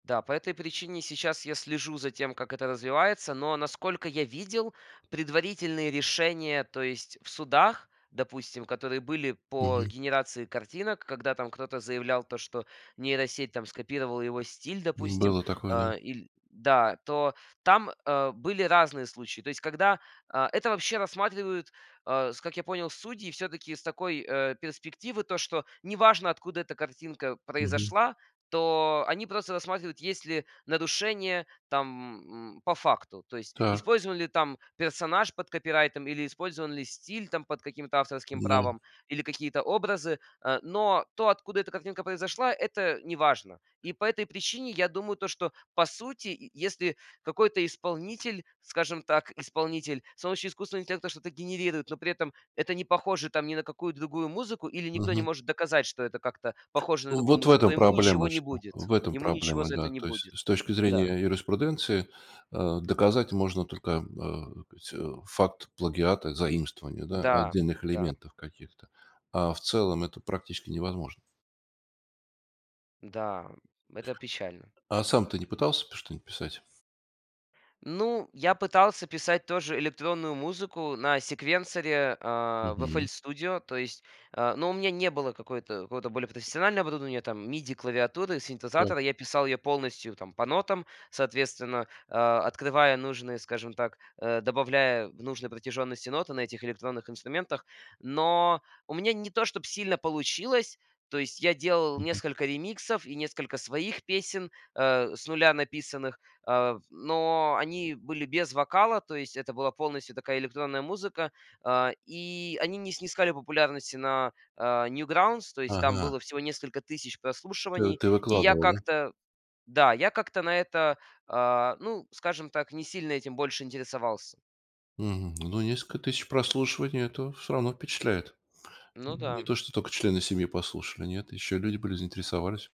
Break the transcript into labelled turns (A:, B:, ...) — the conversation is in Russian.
A: Да, по этой причине сейчас я слежу за тем, как это развивается. Но, насколько я видел, предварительные решения, то есть в судах, допустим, которые были по
B: Мгм.
A: генерации картинок, когда там кто-то заявлял то, что нейросеть там скопировала его стиль,
B: М,
A: допустим.
B: было такое, да.
A: Э, или да, то там, э, были разные случаи. То есть, когда, э, это вообще рассматривают, э, с как я понял, судьи всё-таки с такой, э, перспективы, то, что не важно откуда эта картинка
B: Мгм.
A: произошла, то они просто рассматривают, есть ли нарушение, там, м, по факту. То есть,
B: Так.
A: использован ли там персонаж под копирайтом или использован ли стиль, там, под каким-то авторским
B: Да.
A: правом или какие-то образы. Э, но то, откуда эта картинка произошла это не важно. И по этой причине я думаю то, что по сути, е если какой-то исполнитель, скажем так, исполнитель, солнечный искусственный интеллект там что-то генерирует, но при этом это не похоже, там, ни на какую другую музыку или никто не
B: Мгм.
A: может доказать, что это как-то похоже на другую
B: Вот в
A: музыку, то
B: этом
A: ему ничего
B: проблема,
A: не
B: что,
A: будет.
B: в этом
A: Ему ничего
B: проблема,
A: за это
B: да.
A: не
B: То есть,
A: будет.
B: с точки
A: Да.
B: зрения юриспруденции, э, доказать можно только, э, так сказать, факт плагиата, заимствование, да,
A: Да,
B: отдельных
A: да.
B: элементов каких-то, а в целом это практически невозможно.
A: Да. Это печально.
B: А сам ты не пытался п что-нибудь писать?
A: Ну, я пытался писать тоже электронную музыку на секвенсоре, а, в FL
B: Мгм.
A: Studio, то есть, э, но у меня не было какой-то, какого-то более профессионального оборудования, там, миди клавиатуры,
B: Так.
A: синтезатора. Я писал её полностью там по нотам, соответственно, э, открывая нужные, скажем так, э, добавляя в нужной протяжённости ноты на этих электронных инструментах. Но у меня не то, чтоб сильно получилось. То есть я делал
B: Мгм.
A: несколько ремиксов и несколько своих песен, э, с нуля написанных, э, но они были без вокала. То есть это была полностью такая электронная музыка. А, и они не снискали популярности на, а, Newgrounds. То есть там
B: Ага.
A: было всего несколько тысяч
B: Т
A: прослушиваний.
B: ты
A: И я
B: выкладывал, да?
A: как-то да, я как-то на это, а, ну, скажем так, не сильно этим больше интересовался.
B: Мгм. Ну несколько тысяч прослушиваний это всё равно впечатляет.
A: Ну
B: Н не
A: да.
B: то, что только члены семьи послушали, нет, ещё люди были, заинтересовались.